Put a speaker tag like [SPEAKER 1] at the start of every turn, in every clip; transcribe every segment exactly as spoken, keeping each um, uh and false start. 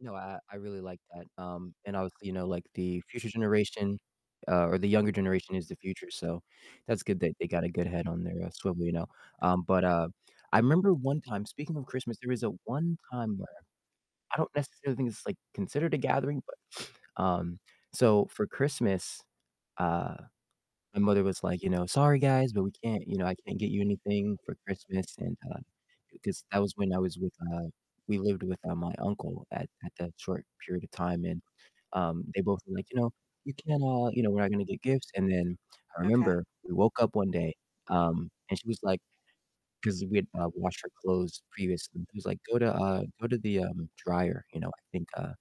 [SPEAKER 1] No, I I I really like that, um, and obviously, you know, like the future generation, uh, or the younger generation is the future, so that's good that they got a good head on their, uh, swivel, you know? Um, but, uh, I remember one time speaking of Christmas, there was a one time where I don't necessarily think it's like considered a gathering, but, um, so for Christmas, uh, my mother was like, you know, "Sorry guys, but we can't" you know, "I can't get you anything for Christmas," and, uh, 'cause that was when I was with, uh we lived with, uh, my uncle at at that short period of time, and, um, they both were like, you know, "We can't all" you know, "we're not gonna get gifts," and then I
[SPEAKER 2] Okay.
[SPEAKER 1] remember we woke up one day, um, and she was like 'cause we had, uh, washed our clothes previously. She was like, "Go to, uh go to the, um, dryer," you know, "I think, uh,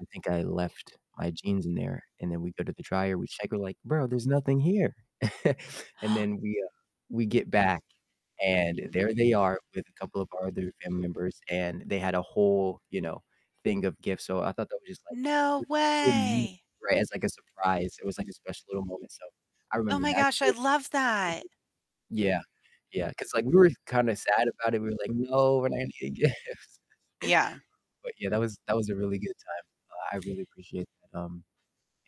[SPEAKER 1] I think I left my jeans in there." And then we go to the dryer, we check, we're like, "Bro, there's nothing here." And then we, uh we get back and there they are with a couple of our other family members, and they had a whole, you know, thing of gifts, so I thought that was just like it
[SPEAKER 2] No
[SPEAKER 1] was just a cool move,
[SPEAKER 2] way.
[SPEAKER 1] right? As like a surprise. It was like a special little moment, so I
[SPEAKER 2] Oh
[SPEAKER 1] remember
[SPEAKER 2] my
[SPEAKER 1] that
[SPEAKER 2] gosh, I
[SPEAKER 1] year.
[SPEAKER 2] love that.
[SPEAKER 1] [unintelligible] Yeah. Yeah. 'Cause like we were kind of sad about it, we were like, "No, we're not gonna get gifts."
[SPEAKER 2] Yeah.
[SPEAKER 1] But yeah, that was that was a really good time. Uh, I really appreciate that, um,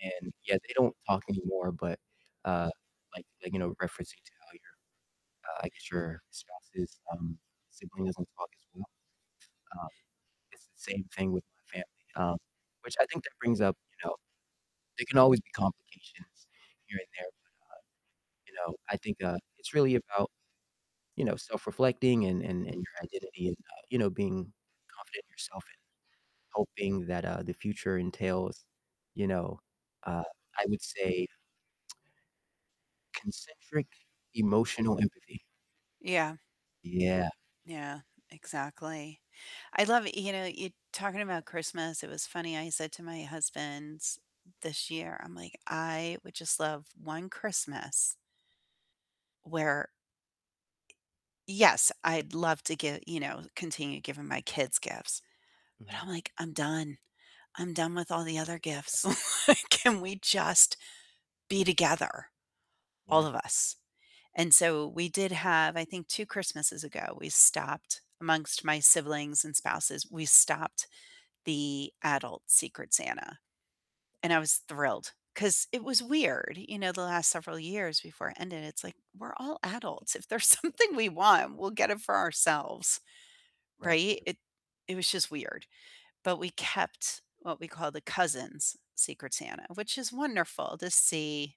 [SPEAKER 1] and yeah, they don't talk anymore, but, uh, like like, you know, referencing to how your, uh I guess your spouse's, um, sibling doesn't talk as well, um, it's the same thing with my family. Um, which I think that brings up, you know, there can always be complications here and there, but, uh, you know, I think, uh, it's really about, you know, self-reflecting and and and your identity and, uh, you know, being confident in yourself and hoping that, uh, the future entails, you know, uh, I would say concentric emotional empathy.
[SPEAKER 2] Yeah.
[SPEAKER 1] Yeah.
[SPEAKER 2] Yeah, exactly. I love you know, you talking about Christmas, it was funny, I said to my husband this year, I'm like, "I would just love one Christmas" where Yes, I'd love to give you know, continue giving my kids gifts, but
[SPEAKER 1] Mhm.
[SPEAKER 2] I'm like, "I'm done. I'm done with all the other
[SPEAKER 1] Yeah.
[SPEAKER 2] gifts." Like, can we
[SPEAKER 1] Yeah, I
[SPEAKER 2] just be together, all
[SPEAKER 1] Yeah.
[SPEAKER 2] of us? And so we did have I think two Christmases ago, we stopped amongst my siblings and spouses, we stopped the adult Secret Santa. And I was thrilled, 'cause it was weird, you know, the last several years before it ended, it's like "We're all adults, if there's something we want, we'll get it for ourselves."
[SPEAKER 1] Right,
[SPEAKER 2] Right,
[SPEAKER 1] true.
[SPEAKER 2] it it was just weird. But we kept what we call the cousins' Secret Santa, which is wonderful to see